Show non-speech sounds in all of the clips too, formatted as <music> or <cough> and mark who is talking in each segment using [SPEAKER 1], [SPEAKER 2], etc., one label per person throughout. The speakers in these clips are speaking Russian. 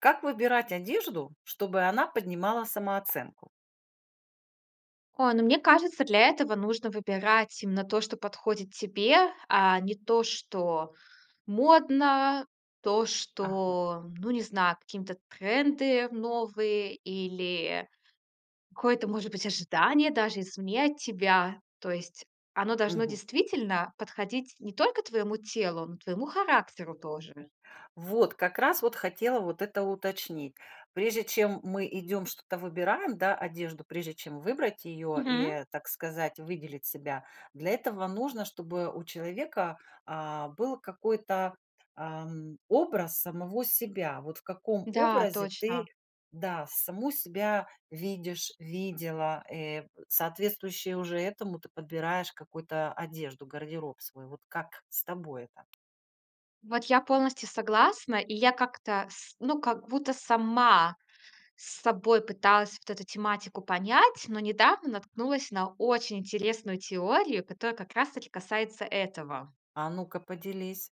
[SPEAKER 1] Как выбирать одежду, чтобы она поднимала самооценку?
[SPEAKER 2] Ой, ну, мне кажется, для этого нужно выбирать именно то, что подходит тебе, а не то, что модно, то,
[SPEAKER 1] Ага.
[SPEAKER 2] что ну, не знаю, каким-то тренды новые или какое-то, может быть, ожидание даже изменять тебя. То есть оно должно
[SPEAKER 1] Мгм.
[SPEAKER 2] действительно подходить не только твоему телу, но и твоему характеру тоже.
[SPEAKER 1] Вот, как раз вот хотела вот это уточнить. Прежде чем мы идём что-то выбираем, да, одежду, прежде чем выбрать её
[SPEAKER 2] Мгм.
[SPEAKER 1] и, так сказать, выделить себя для этого нужно, чтобы у человека, а, был какой-то, эм, образ самого себя. Вот в каком
[SPEAKER 2] Да,
[SPEAKER 1] образе ты
[SPEAKER 2] точно.
[SPEAKER 1] да, саму себя видишь, видела, э соответствующе уже этому ты подбираешь какую-то одежду, гардероб свой. Вот как с тобой это?
[SPEAKER 2] Вот я полностью согласна, и я как-то, с ну, как будто сама с собой пыталась вот эту тематику понять, но недавно наткнулась на очень интересную теорию, которая как раз таки касается этого.
[SPEAKER 1] А ну-ка поделись.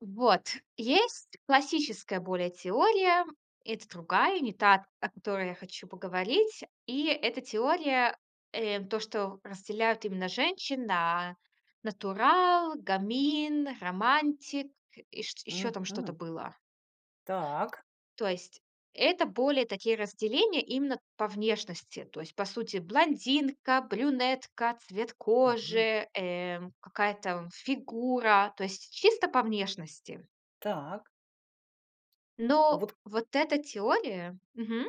[SPEAKER 2] Вот, есть классическая более теория. Это другая, не та, о которой я хочу поговорить. И эта теория, э, то, что разделяют именно женщин на натурал, гамин, романтик, и чт ещё там что-то
[SPEAKER 1] Мгм.
[SPEAKER 2] было.
[SPEAKER 1] Так.
[SPEAKER 2] То есть, это более такие разделения именно по внешности. То есть, по сути, блондинка, брюнетка, цвет
[SPEAKER 1] Мгм.
[SPEAKER 2] кожи, эм, какая там фигура, то есть чисто по внешности.
[SPEAKER 1] Так. А
[SPEAKER 2] Но
[SPEAKER 1] вот
[SPEAKER 2] вот эта теория мгм...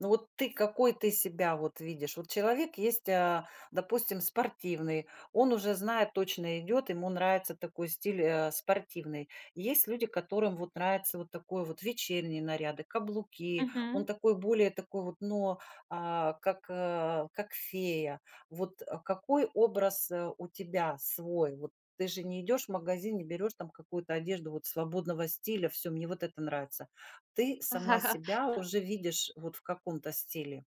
[SPEAKER 1] Ну, вот ты какой, ты себя вот видишь? Вот человек есть, а, допустим, спортивный. Он уже знает, точно идёт, ему нравится такой стиль, а, спортивный. Есть люди, которым вот нравится вот такой вот вечерние наряды, каблуки, он
[SPEAKER 2] Мгм.
[SPEAKER 1] такой более такой вот, но, а, как, а, как фея. Вот, э, какой образ, а, у тебя свой? Вот ты же не идешь в магазин, не берешь там какую-то одежду вот свободного стиля: "Всё, мне вот это нравится". Ты сама себя
[SPEAKER 2] <laughs>
[SPEAKER 1] уже видишь вот в каком-то стиле.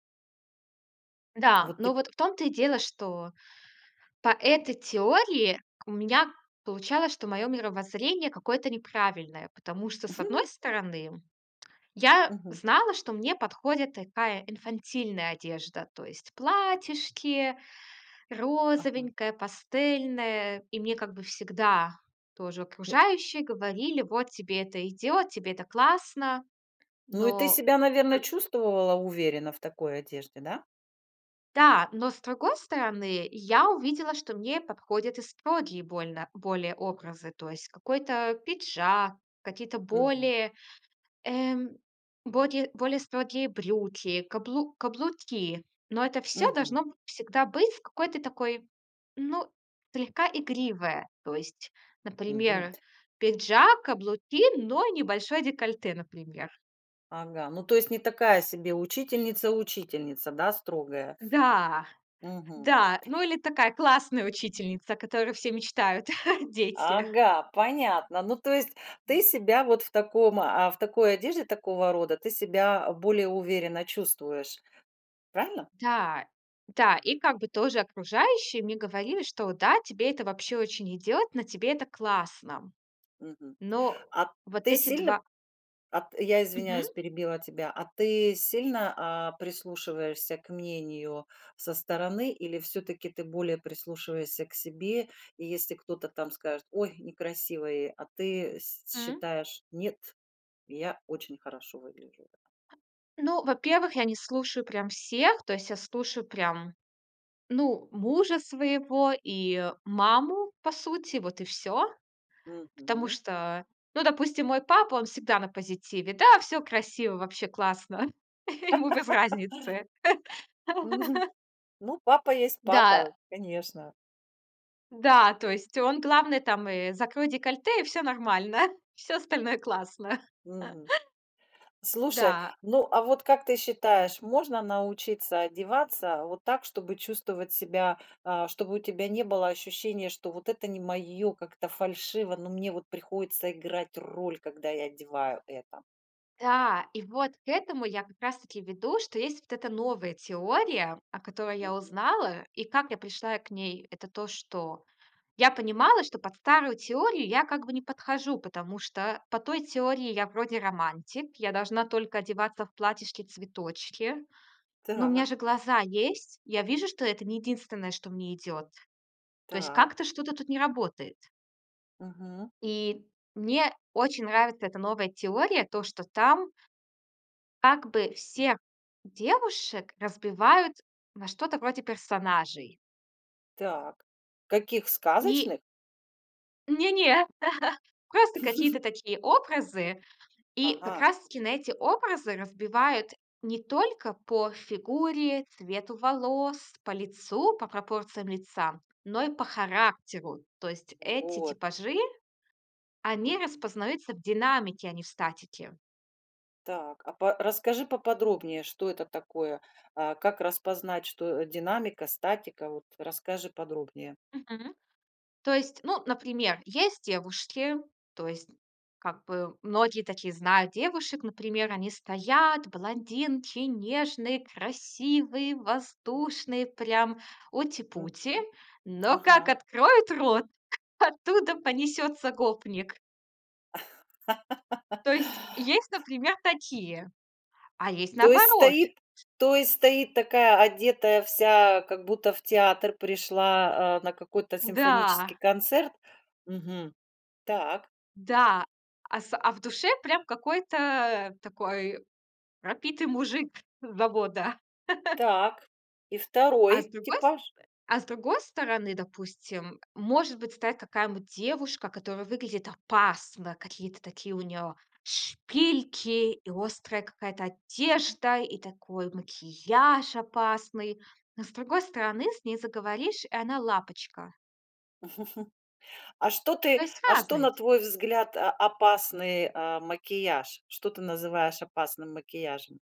[SPEAKER 2] Да,
[SPEAKER 1] Вот
[SPEAKER 2] но
[SPEAKER 1] ты
[SPEAKER 2] вот в том-то и дело, что по этой теории у меня получалось, что моё мировоззрение какое-то неправильное, потому что, с одной стороны, <tsk> я
[SPEAKER 1] Мгм.
[SPEAKER 2] знала, что мне подходит такая инфантильная одежда, то есть платьишки,
[SPEAKER 1] Ага.
[SPEAKER 2] розовенькая, пастельная. И мне как бы всегда тоже
[SPEAKER 1] Ну.
[SPEAKER 2] окружающие говорили: "Вот, тебе это идёт, тебе это классно".
[SPEAKER 1] Ну, и ты
[SPEAKER 2] Но
[SPEAKER 1] себя, наверно,
[SPEAKER 2] п
[SPEAKER 1] чувствовала уверенно в такой одежде, да?
[SPEAKER 2] Да, но с другой стороны, я увидела, что мне подходят и строгие больно более образы. То есть какой-то пиджак, какие-то
[SPEAKER 1] Мгм.
[SPEAKER 2] более, эм, бокее более строгие брюки, каблу каблуки. Но это всё
[SPEAKER 1] Мгм.
[SPEAKER 2] должно б всегда быть в какой-то такой, ну, слегка игривое. То есть,
[SPEAKER 1] Мгм.
[SPEAKER 2] например, пиджак, каблуки, но и небольшое декольте, например. <chuckles>
[SPEAKER 1] Ага, ну, то есть не такая себе учительница-учительница, да, строгая?
[SPEAKER 2] Да,
[SPEAKER 1] Мгм.
[SPEAKER 2] да. Ну, или такая классная учительница, о которой все мечтают, <chuckles> дети.
[SPEAKER 1] Ага, понятно. Ну, то есть ты себя вот в таком а, в такой одежде такого рода ты себя, а, более уверенно чувствуешь, правильно?
[SPEAKER 2] Да, да, и как бы тоже окружающие мне говорили, что да, тебе это вообще очень идёт, на тебе это классно.
[SPEAKER 1] Мгм,
[SPEAKER 2] Но
[SPEAKER 1] а
[SPEAKER 2] вот
[SPEAKER 1] ты
[SPEAKER 2] эти
[SPEAKER 1] сильно,
[SPEAKER 2] 2
[SPEAKER 1] а, т я
[SPEAKER 2] Мгм.
[SPEAKER 1] извиняюсь, перебила тебя, а ты сильно, а, прислушиваешься к мнению со стороны или всё-таки ты более прислушиваешься к себе? И если кто-то там скажет: "Ой, некрасивое", а ты с
[SPEAKER 2] М-м.
[SPEAKER 1] считаешь: "Нет, я очень хорошо выгляжу"?
[SPEAKER 2] Ну, во-первых, я не слушаю прям всех. То есть я слушаю прям, ну, мужа своего и, э, маму, по сути, вот и всё. Потому
[SPEAKER 1] Мгм.
[SPEAKER 2] что, ну, допустим, мой папа, он всегда на позитиве, да, всё красиво, вообще классно. <chuckles> Ему без разницы.
[SPEAKER 1] <laughs> Мгм.
[SPEAKER 2] <laughs>
[SPEAKER 1] Ну, папа есть
[SPEAKER 2] Да.
[SPEAKER 1] папа, конечно.
[SPEAKER 2] Да, то есть он, главное, там, э, "закрой декольте", и всё нормально. Всё остальное классно.
[SPEAKER 1] Мгм.
[SPEAKER 2] <laughs>
[SPEAKER 1] Слушай,
[SPEAKER 2] Да.
[SPEAKER 1] ну, а вот как ты считаешь, можно научиться одеваться вот так, чтобы чувствовать себя, а, чтобы у тебя не было ощущения, что вот это не моё, как-то фальшиво, но мне вот приходится играть роль, когда я одеваю это?
[SPEAKER 2] Да, и вот к этому я как раз-таки веду, что есть вот эта новая теория, о которой я
[SPEAKER 1] Мгм.
[SPEAKER 2] узнала, и как я пришла к ней. Это то, что я понимала, что под старую теорию я как бы не подхожу, потому что по той теории я вроде романтик, я должна только одеваться в платьишки-цветочки. Но у меня
[SPEAKER 1] Так.
[SPEAKER 2] же глаза есть. Я вижу, что это не единственное, что мне идёт. То есть
[SPEAKER 1] Так.
[SPEAKER 2] как-то что-то тут не работает.
[SPEAKER 1] Мгм.
[SPEAKER 2] И мне очень нравится эта новая теория, то, что там Как бы всех девушек разбивают на что-то вроде персонажей.
[SPEAKER 1] Так. Каких
[SPEAKER 2] И
[SPEAKER 1] сказочных?
[SPEAKER 2] Не не, <laughs> просто какие-то
[SPEAKER 1] <laughs>
[SPEAKER 2] такие образы. И как
[SPEAKER 1] Ага.
[SPEAKER 2] раз таки на эти образы разбивают не только по фигуре, цвету волос, по лицу, по пропорциям лица, но и по характеру. То есть, эти
[SPEAKER 1] Вот.
[SPEAKER 2] типажи, они
[SPEAKER 1] Мгм.
[SPEAKER 2] распознаются в динамике, а не в статике.
[SPEAKER 1] Так, а па расскажи поподробнее, что это такое, а как распознать, что, э, динамика, статика, вот, расскажи подробнее.
[SPEAKER 2] Мгм. То есть, ну, например, есть девушки, то есть, как бы многие таких знают девушек, например, они стоят блондинки, нежные, красивые, воздушные, прям ути-пути,
[SPEAKER 1] Мгм.
[SPEAKER 2] но как
[SPEAKER 1] Ага.
[SPEAKER 2] откроют рот, оттуда понесётся гопник.
[SPEAKER 1] <laughs>
[SPEAKER 2] То есть, есть, например, такие, а есть
[SPEAKER 1] То есть,
[SPEAKER 2] наоборот.
[SPEAKER 1] стоит то есть, стоит такая одетая вся, как будто в театр пришла, а, на какой-то симфонический
[SPEAKER 2] Да.
[SPEAKER 1] концерт. Мгм. Так.
[SPEAKER 2] Да, а с а в душе, прям, какой-то такой пропитый мужик с завода. <laughs>
[SPEAKER 1] Так. И
[SPEAKER 2] А с
[SPEAKER 1] второй
[SPEAKER 2] другой с
[SPEAKER 1] типаж?
[SPEAKER 2] а с другой стороны, допустим, может быть, стоит какая-то девушка, которая выглядит опасно, какие-то такие у неё шпильки, и острая какая-то одежда, и такой макияж опасный. Но с другой стороны, с ней заговоришь, и она- лапочка.
[SPEAKER 1] <chuckles> А что
[SPEAKER 2] То
[SPEAKER 1] ты,
[SPEAKER 2] есть
[SPEAKER 1] а что
[SPEAKER 2] разные
[SPEAKER 1] на
[SPEAKER 2] ть
[SPEAKER 1] твой взгляд о опасный э, макияж? Что ты называешь опасным макияжем?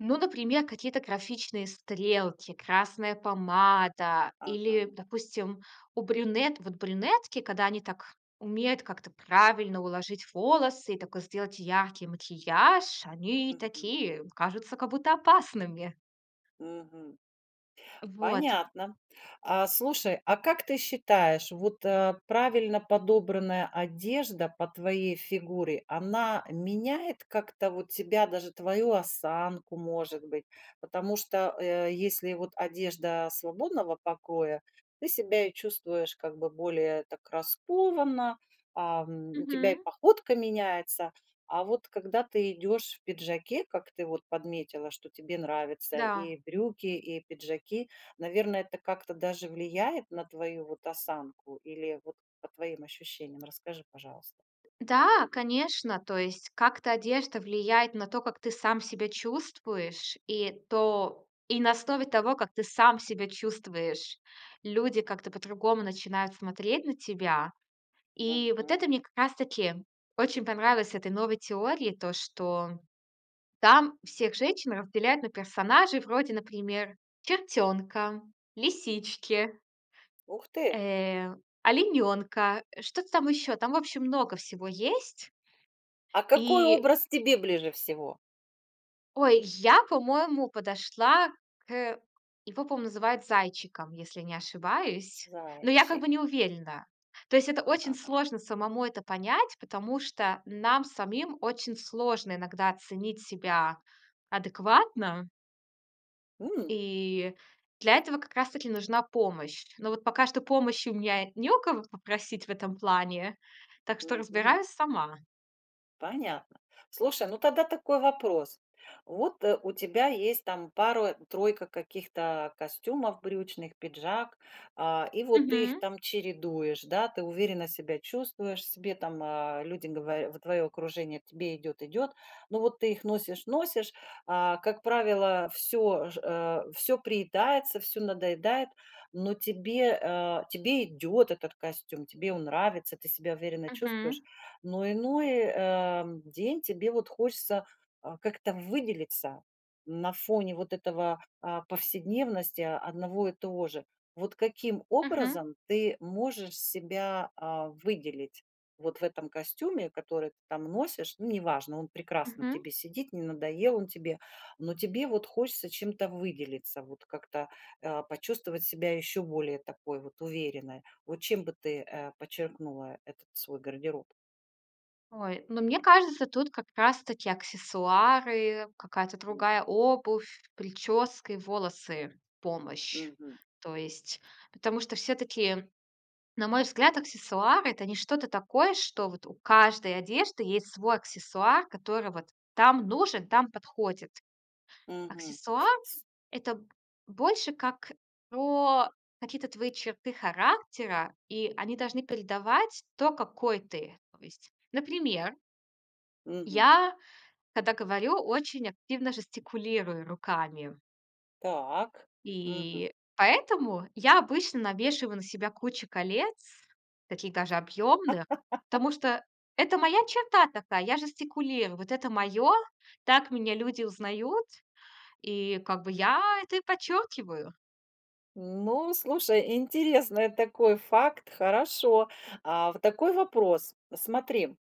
[SPEAKER 2] Ну, например, какие-то графичные стрелки, красная помада или,
[SPEAKER 1] Ага.
[SPEAKER 2] допустим, у брюнет вот брюнетки, когда они так умеют как-то правильно уложить волосы и такой сделать яркий макияж, они
[SPEAKER 1] Мгм.
[SPEAKER 2] такие кажутся как будто опасными!
[SPEAKER 1] Мгм.
[SPEAKER 2] Вот.
[SPEAKER 1] Понятно. А, слушай, а как ты считаешь, вот, э, правильно подобранная одежда по твоей фигуре, она меняет как-то вот тебя, даже твою осанку, может быть? Потому что, э, если вот одежда свободного покроя, ты себя чувствуешь как бы более так раскованно, ам, у тебя и
[SPEAKER 2] Мгм.
[SPEAKER 1] походка меняется! А вот когда ты идешь в пиджаке, как ты вот подметила, что тебе нравится
[SPEAKER 2] Да.
[SPEAKER 1] и брюки, и пиджаки, наверное, это как-то даже влияет на твою, вот, осанку? Или, вот, по твоим ощущениям? Расскажи, пожалуйста.
[SPEAKER 2] Да, конечно. То есть как-то одежда влияет на то, как ты сам себя чувствуешь. И то, и на основе того, как ты сам себя чувствуешь, люди как-то по-другому начинают смотреть на тебя. И вот
[SPEAKER 1] Мгм.
[SPEAKER 2] это мне как раз таки очень понравилось с этой новой теории, то, что там всех женщин разделяют на персонажей вроде, например: чертёнка, лисички...
[SPEAKER 1] Ух ты!
[SPEAKER 2] э, оленёнка, что-то там ещё. Там, в общем, много всего есть.
[SPEAKER 1] А какой
[SPEAKER 2] И...
[SPEAKER 1] образ тебе ближе всего?
[SPEAKER 2] Ой, я, по-моему, подошла кэ его по-моему, называют зайчиком, если не ошибаюсь. Но я как
[SPEAKER 1] Зайчик.
[SPEAKER 2] бы не уверена. То есть это очень
[SPEAKER 1] Ага.
[SPEAKER 2] сложно самому это понять, потому что нам самим очень сложно иногда оценить себя адекватно.
[SPEAKER 1] У!
[SPEAKER 2] И для этого как раз таки нужна помощь. Но вот пока что помощи у меня не у кого попросить в этом плане, так что
[SPEAKER 1] Мгм.
[SPEAKER 2] разбираюсь сама.
[SPEAKER 1] Понятно. Слушай, ну тогда такой вопрос. Вот, э, у тебя есть там 2 3 каких-то костюмов брючных, пиджак. Э, и вот ты их
[SPEAKER 2] Мгм.
[SPEAKER 1] там чередуешь, да, ты уверенно себя чувствуешь себе, э, там люди говоря в твое окружение: "Тебе идёт, идёт." Но вот ты их носишь, носишь, э, как правило, всё же, э, всё приедается, всё надоедает. Но тебе, э, тебе идет этот костюм, тебе он нравится, ты себя уверенно чувствуешь,
[SPEAKER 2] Мгм.
[SPEAKER 1] но иной, э, день тебе вот хочется, а как-то выделиться на фоне вот этого, а, повседневности одного и того же. Вот каким
[SPEAKER 2] Мгм.
[SPEAKER 1] образом ты можешь себя, а, выделить? Вот в этом костюме, который ты там носишь. Ну, неважно, он прекрасно на
[SPEAKER 2] Мгм.
[SPEAKER 1] тебе сидит, не надоел он тебе. Но тебе вот хочется чем-то выделиться, вот как-то, э, почувствовать себя еще более такой вот уверенной. Вот чем бы ты, э, подчеркнула этот свой гардероб?
[SPEAKER 2] Ой, ну, мне кажется, тут как раз таки аксессуары, какая-то
[SPEAKER 1] М.
[SPEAKER 2] другая обувь, причёски, волосы, помощь.
[SPEAKER 1] Мгм.
[SPEAKER 2] То есть, потому что всё-таки, на мой взгляд, аксессуар- это не что-то такое, что вот у каждой одежды есть свой аксессуар, который вот там нужен, там подходит.
[SPEAKER 1] Мгм.
[SPEAKER 2] Аксессуар-
[SPEAKER 1] С
[SPEAKER 2] это б больше как про какие-то твои черты характера, и они должны передавать то, какой ты. То есть, например...
[SPEAKER 1] Мгм.
[SPEAKER 2] я, когда говорю, очень активно жестикулирую руками.
[SPEAKER 1] Так. Мгм.
[SPEAKER 2] И поэтому я обычно навешиваю на себя кучу колец, таких даже объёмных,
[SPEAKER 1] <laughs>
[SPEAKER 2] потому что это моя черта такая, я жестикулирую. Вот это моё. Так меня люди узнают. И как бы я это и подчёркиваю.
[SPEAKER 1] Ну, слушай, интересный такой факт, хорошо. А, вот такой вопрос. Смотри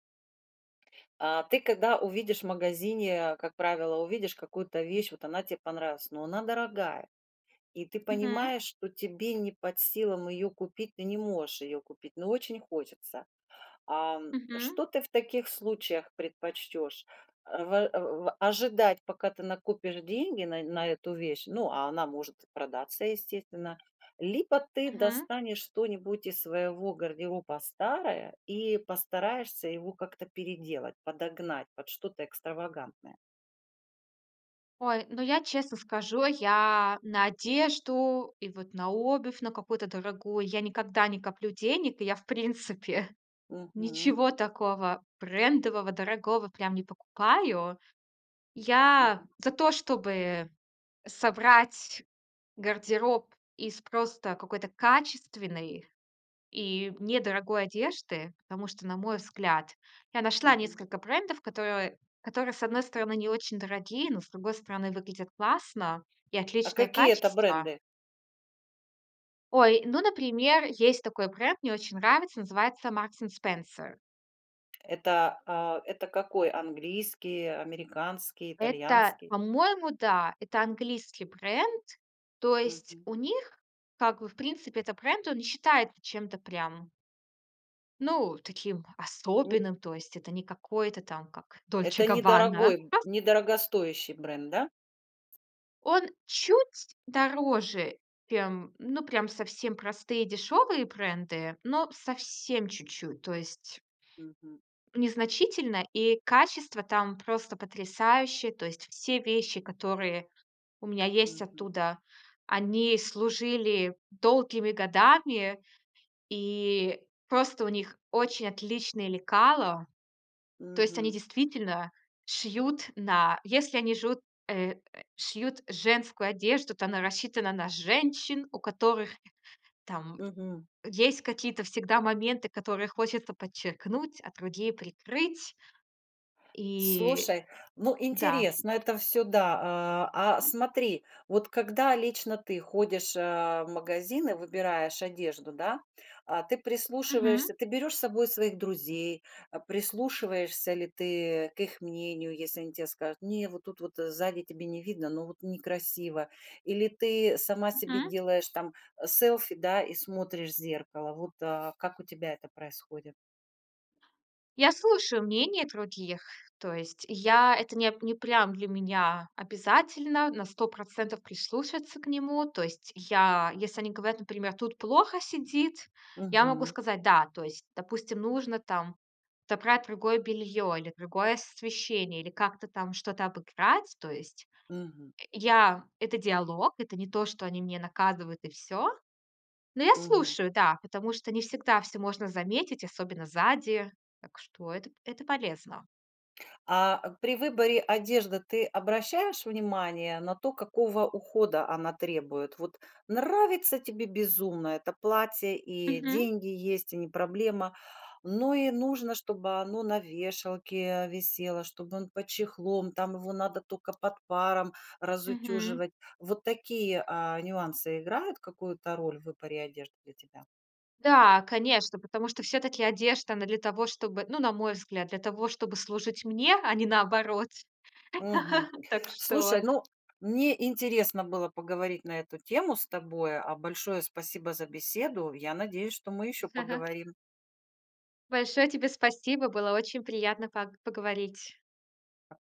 [SPEAKER 1] А, ты когда увидишь в магазине, как правило, увидишь какую-то вещь, вот она тебе понравилась. Но она дорогая, и ты
[SPEAKER 2] Мгм.
[SPEAKER 1] понимаешь, что тебе не под силам её купить. Ты не можешь её купить, но очень хочется. Ам,
[SPEAKER 2] Мгм.
[SPEAKER 1] что ты в таких случаях предпочтёшь? Э, вэ о ожидать, пока ты накопишь деньги на на эту вещь? Ну, а она может и продаться, естественно. Либо ты
[SPEAKER 2] Мгм.
[SPEAKER 1] достанешь что-нибудь из своего гардероба старое и постараешься его как-то переделать, подогнать под что-то экстравагантное.
[SPEAKER 2] Ой, ну я, честно скажу, я на одежду и вот на обувь на какую-то дорогую, я никогда не коплю денег. И я, в принципе,
[SPEAKER 1] Мгм.
[SPEAKER 2] ничего такого брендового, дорогого прям не покупаю. Я
[SPEAKER 1] Мгм.
[SPEAKER 2] за то, чтобы собрать гардероб из просто какой-то качественной и недорогой одежды. Потому что, на мой взгляд, я нашла
[SPEAKER 1] Мгм.
[SPEAKER 2] несколько брендов, которые которые, с одной стороны, не очень дорогие, но, с другой стороны, выглядят классно, и
[SPEAKER 1] А
[SPEAKER 2] отличное
[SPEAKER 1] какие это
[SPEAKER 2] качество.
[SPEAKER 1] бренды?
[SPEAKER 2] Ой, ну, например, есть такой бренд, мне очень нравится, называется Marcs& Spenser.
[SPEAKER 1] Это, а, это какой? Английский, американский,
[SPEAKER 2] Это,
[SPEAKER 1] итальянский?
[SPEAKER 2] по-моему, да. Это английский бренд. То есть
[SPEAKER 1] Мгм.
[SPEAKER 2] у них как бы, в принципе, этот бренд, он не считает чем-то прям... ну, таким
[SPEAKER 1] Н
[SPEAKER 2] особенным. То есть это не какое-то там как Dolce
[SPEAKER 1] Это
[SPEAKER 2] Gabbana!
[SPEAKER 1] недорогой, б недорогостоящий бренд, да?
[SPEAKER 2] Он чуть дороже, чем, ну, прям совсем простые дешёвые бренды, но совсем чуть-чуть. То есть...
[SPEAKER 1] Мгм.
[SPEAKER 2] незначительно, и качество там просто потрясающее. То есть все вещи, которые у меня есть
[SPEAKER 1] Мгм.
[SPEAKER 2] оттуда, они служили долгими годами, и просто у них очень отличные лекало. То есть, они
[SPEAKER 1] Мгм.
[SPEAKER 2] действительно шьют на если они жут э, э, шьют женскую одежду, то она рассчитана на женщин, у которых, там,
[SPEAKER 1] Мгм.
[SPEAKER 2] есть какие-то всегда моменты, которые хочется подчеркнуть, а другие прикрыть. И
[SPEAKER 1] Слушай, ну,
[SPEAKER 2] да.
[SPEAKER 1] интересно это всё, да. А а смотри, вот когда лично ты ходишь а в магазин и выбираешь одежду, да, а ты прислушиваешься,
[SPEAKER 2] Мгм.
[SPEAKER 1] ты берешь с собой своих друзей, а прислушиваешься ли ты к их мнению, если они те скажут не, вот тут вот сзади тебе не видно, но вот некрасиво. Или ты сама себе
[SPEAKER 2] Мгм.
[SPEAKER 1] делаешь там э селфи, да, и смотришь в зеркало. Вот а как у тебя это происходит?
[SPEAKER 2] Я слушаю мнение других, то есть я это неп не прям для меня обязательно на 100 процентов прислушаться к нему, то есть я если они говорят, например:"Тут плохо сидит". Я могу
[SPEAKER 1] Мгм.
[SPEAKER 2] сказать: "Да". То есть, допустим, нужно, там, забрать другое белье или другое освещение, или как-то там что-то обыграть то есть
[SPEAKER 1] Мгм.
[SPEAKER 2] Э, я это диалог, это не то, что они меня наказывают, и всё. Но я
[SPEAKER 1] Мгм.
[SPEAKER 2] слушаю, да, потому что не всегда всё можно заметить, особенно сзади. Так что это п это полезно.
[SPEAKER 1] А при выборе одежды ты обращаешь внимание на то, какого ухода она требует? Вот нравится тебе безумно это платье и
[SPEAKER 2] Мгм.
[SPEAKER 1] деньги есть, и не проблема, Но и нужно, чтобы оно на вешалке висело, чтобы он под чехлом, там его надо тока под паром
[SPEAKER 2] Мгм.
[SPEAKER 1] разутюживать. Вот такие а нюансы играют какую-то роль в выборе одежды для тебя?
[SPEAKER 2] Да, конечно, потому что всё-таки одежда, она для того, чтобы ну, на мой взгляд, для того, чтобы служить мне, а не наоборот.
[SPEAKER 1] Мгм.
[SPEAKER 2] <laughs> Так что
[SPEAKER 1] Слушай, ну мне интересно было поговорить на эту тему с тобой, а большое спасибо за беседу. Я надеюсь, что мы еще
[SPEAKER 2] З ага.
[SPEAKER 1] поговорим.
[SPEAKER 2] Большое тебе спасибо, было очень приятно паг поговорить.
[SPEAKER 1] А